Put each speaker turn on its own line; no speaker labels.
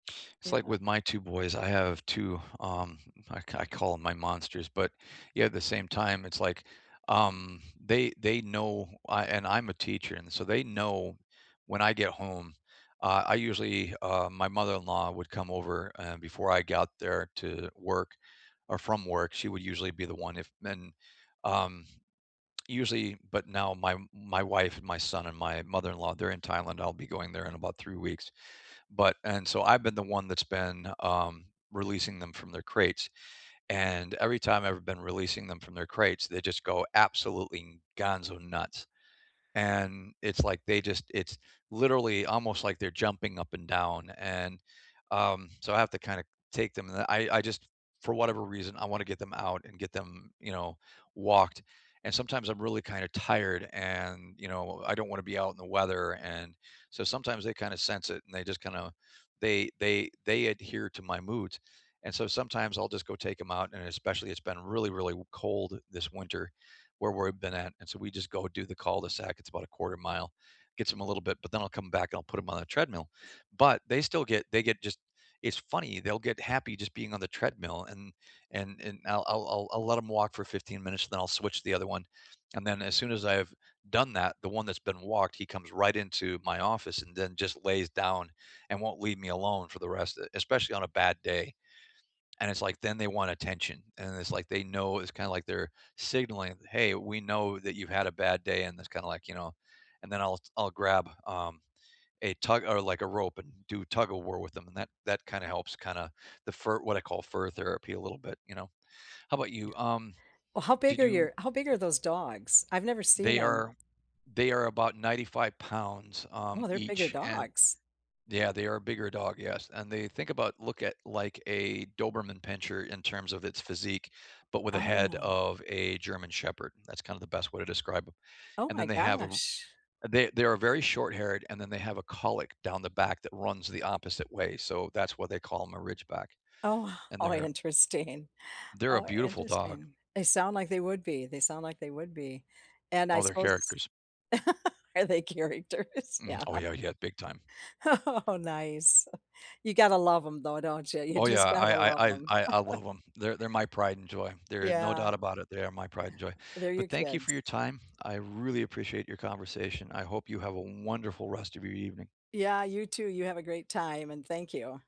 It's
Yeah.
like with my 2 boys I have 2, um, I ca I call 'em my monsters, but, yeah, at the same time, it's like, um, they they know I and, I'm a teacher, and, so, they know when I get home, uh, I usually uh, my mother-in-law would come over, eh before I got there to work or from work, she would usually be the one, if men um, usually, but now my my wife, my son, and my mother-in-law, they're in Thailand, I'll be going there in about 3 weeks. but and so, I've been the one that's been, um, releasing them from their crates, and, every time I've been releasing them from their crates, they just go absolutely n gonzo-nuts, and, it's like they just it's literally, almost like they're jumping up and down, and, um, so, I have to, kinda take them, and then I I just for whatever reason, I wanna get them out and get them, you know, walked. And, sometimes, I'm really, kinda, tired and, you know, I don't wanna be out in the weather, and, so, sometimes they, kinda sense it, and they just, kinda they they they adhere to my moods, and, so, sometimes I'll just go take 'em out and especially it's been really, really w cold this winter, where we've been at, and, so, we just go do the cul-de-sac, it's about 1/4 mile. Gets them a little bit but then I'll come back and I'll put 'em on a treadmill, but, they still get they get, just it's funny, they'll get happy just being on the treadmill, and and and I'll I'll I'll I'll let 'em walk for 15 minutes, then I'll switch to the other one, and then, as soon as I've done that, the one that's been walked, he comes right into my office and then just lays down and won't leave me alone for the rest e especially on a bad day. And, it's like, then they want attention, and it's like they know it's kinda like they're signaling, "Hey, we know that you had a bad day," and that's kind of, like, you know, and then I'll I'll grab, um, a tug or like a rope and do tug-of-war with 'em and that that kinda helps kinda the fur what I call "fur therapy," a little bit, you know, how 'bout you, um,
Well, how
did
big are
you
your how big are those dogs? I've never seen
They
'em.
are they are about 95 pounds, um,
Wow, they're bigger
each, and
dogs.
yeah, they are a bigger dog, yes, and they think about look at, like, a Doberman Pinscher in terms of its physique, but with a head
Oh.
of a German Shepherd, that's kinda the best way to describe 'em,
Oh
and
my
then they have a r
gosh.
they they are very short-haired, and then they have a cowlick down the back that runs the opposite way, so, that's why they call 'em a Ridgeback,
Oh,
and
how
they're
interesting
They're a
how
beautiful dog.
interesting, they sound like they would be they sound like they would be, and I
Oh, they're
suppose
characters.
Are they characters,
Mh
yeah.
oh, yeah yeah, big time.
Oh, nice, you gotta love 'em, though, don't ya? You
Oh, yeah,
just gotta
I
love
I I
'em.
I I love 'em, they're they're my pride and joy, there no
Yeah.
doubt about it, they are my pride and joy.
They're your
But thank you for
kids.
your time, I really appreciate your conversation, I hope you have a wonderful rest of your evening.
Yeah, you too, you have a great time, and thank you.